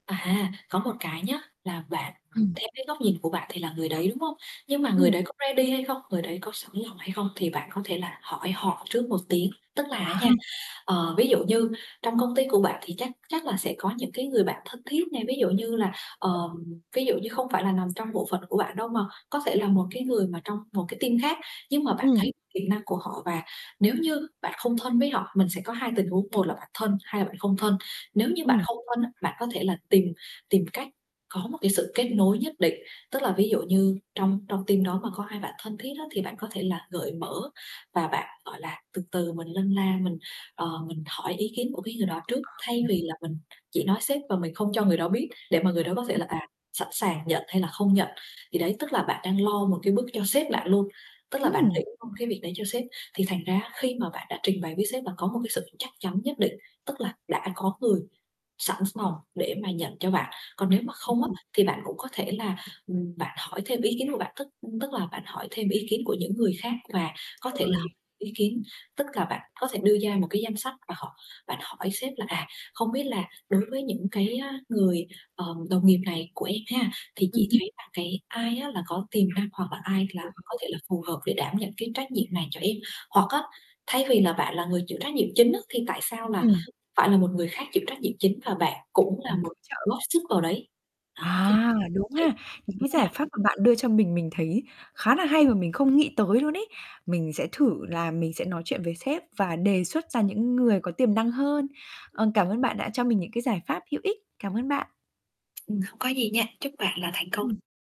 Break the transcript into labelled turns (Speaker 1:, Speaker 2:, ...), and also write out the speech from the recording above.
Speaker 1: À, có một cái nhá là bạn à,
Speaker 2: Ừm.
Speaker 1: theo cái góc nhìn của bạn thì là người đấy, đúng hông? Nhưng mà người
Speaker 2: Ừm.
Speaker 1: đấy có ready hay không? Người đấy có sẵn lòng hay không thì bạn có thể là hỏi họ trước một tiếng. Tức là á nha,
Speaker 2: [unintelligible]
Speaker 1: ờ, ví dụ như trong công ty của bạn thì chắc chắc là sẽ có những cái người bạn thân thiết này, ví dụ như là, ờm, ví dụ như không phải là nằm trong bộ phận của bạn đâu mà có thể là một cái người mà trong một cái team khác nhưng mà bạn
Speaker 2: Ừm.
Speaker 1: thấy kỹ năng của họ. Và nếu như bạn không thân với họ mình sẽ có 2 tình huống, một là bạn thân, hai là bạn không thân. Nếu như bạn
Speaker 2: Ừm.
Speaker 1: không thân á, bạn có thể là tìm tìm cách có một cái sự kết nối nhất định, tức là ví dụ như trong trong team đó mà có ai bạn thân thiết á thì bạn có thể là gợi mở và bạn, gọi là, từ từ mình lân la, mình, ờ, mình hỏi ý kiến của cái người đó trước, thay vì là mình chỉ nói sếp và mình không cho người đó biết để mà người đó có thể là, à, sẵn sàng nhận hay là không nhận. Thì đấy, tức là bạn đang lo một cái bước cho sếp bạn luôn. Tức là bạn
Speaker 2: Ừm!
Speaker 1: nghĩ thông cái việc đấy cho sếp thì thành ra á khi mà bạn đã trình bày với sếp là có một cái sự chắc chắn nhất định, tức là đã có người sẵn lòng để mà nhận cho bạn. Còn nếu mà không á, thì bạn cũng có thể là, ừm, bạn hỏi thêm ý kiến của bạn, tức, ưm, tức là bạn hỏi thêm ý kiến của những người khác và có thể là h
Speaker 2: Rồi.
Speaker 1: ý kiến tức cà bạn có thể đưa ra một cái danh sách và họ bạn hỏi sếp là "À, không biết là đối với những cái, ờ, người, ờm, đồng nghiệp này của em ha thì
Speaker 2: Ừm.
Speaker 1: chị thấy là cái ai á là có tiềm năng, hoặc là ai là có
Speaker 2: [unintelligible]
Speaker 1: thể là phù hợp để đảm nhận cái trách nhiệm này cho em?" Hoặc á, thay vì là bạn là người chịu trách nhiệm chính á thì tại sao là
Speaker 2: Ừm.
Speaker 1: phải là một người khác chịu trách nhiệm chính và bạn cũng là một
Speaker 2: [unintelligible]
Speaker 1: góp sức vào đấy. Đó thì
Speaker 2: À, đúng
Speaker 1: thấy
Speaker 2: ha. Những cái
Speaker 1: thế
Speaker 2: giải
Speaker 1: nào?
Speaker 2: pháp mà bạn đưa cho mình, mình thấy khá là hay và mình không nghĩ tới luôn ấy mình sẽ thử là mình sẽ nói chuyện với sếp và đề xuất ra những người có tiềm năng hơn. Ờ, cảm ơn bạn đã cho mình những cái giải pháp hữu ích. Cảm ơn bạn.
Speaker 1: Ừm, không có gì nha, chúc bạn là thành công.
Speaker 2: Ừm.